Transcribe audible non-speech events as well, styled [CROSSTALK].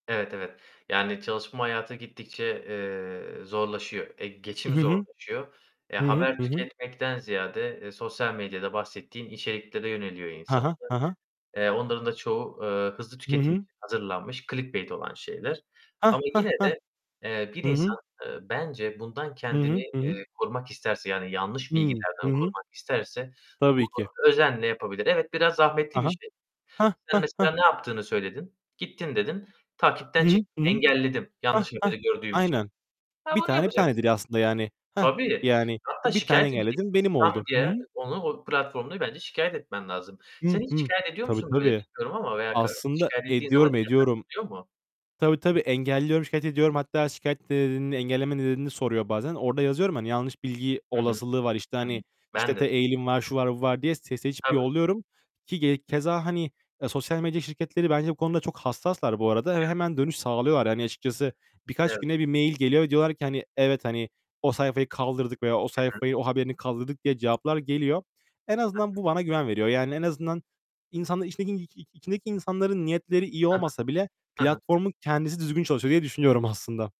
Evet, evet. Yani, çalışma hayatı gittikçe, eee, zorlaşıyor, e, Hı geçim hı. zorlaşıyor. Eee, Hı hı, haber hı hı. tüketmekten ziyade, eee, sosyal medyada bahsettiğin içeriklere yöneliyor Ha insanlar. ha, ha ha. Eee, onların da çoğu, eee, hızlı Hı tüketim hı. için hazırlanmış clickbait olan şeyler. Hah, Ama hah, yine hah. de, eee, bir Hı hı. insan, eee, bence bundan Hı hı, kendini hı hı. eee, korumak isterse yani yanlış Hı, hı bilgilerden hı. korumak isterse Tabii ki. bunu özenle yapabilir. Evet, biraz Ha zahmetli bir ha. şey. Hah, Sen, hah, mesela, hah. ne yaptığını söyledin? "Gittim." dedin, "Takipten Hı hı, çıktım, hı hı. engelledim Hah, yanlış hah. haberi gördüğüm için." Aynen. Ha, 1 bunu tane 1 yapacaksın. tanedir aslında, yani. Hah, Tabii, yani hatta 1 taneyi şikâyet edeceksin. ayarladım, benim Spam oldu. Hı diye hı. onu, o platformda bence şikâyet etmen lazım. Sen Hıh, hiç hıh. şikâyet ediyor Tabii, musun böyle tabii. bilmiyorum ama veya ka Aslında şikâyet ettiğin ediyorum, [UNINTELLIGIBLE] ediyorum. gidiyor mu? Tabii, tabii, engelliyorum, şikâyet ediyorum. Hatta şikâyet nedenini, engelleme nedenini soruyor bazen. Orada yazıyorum, hani, yanlış bilgi Hı hı. olasılığı var. İşte, Hı hı. hani, işte, Ben te de. eğilim var, şu var bu var diye se seçip Tabii. yolluyorum ki ge keza, hani, eee, sosyal medya şirketleri bence bu konuda çok hassaslar bu arada. Ö Evet. hemen dönüş sağlıyorlar. Hani, açıkçası, birkaç Evet. güne bir mail geliyor ve diyorlar ki: "Hani, evet, hani, o sayfayı kaldırdık veya o Hı hı. sayfayı, o haberini kaldırdık" diye cevaplar geliyor. En Hı hı. azından bu bana güven veriyor. Yani en azından insanların içindeki içindeki insanların niyetleri iyi Hı hı. olmasa bile Hı hı. platformun kendisi düzgün çalışıyor diye düşünüyorum aslında.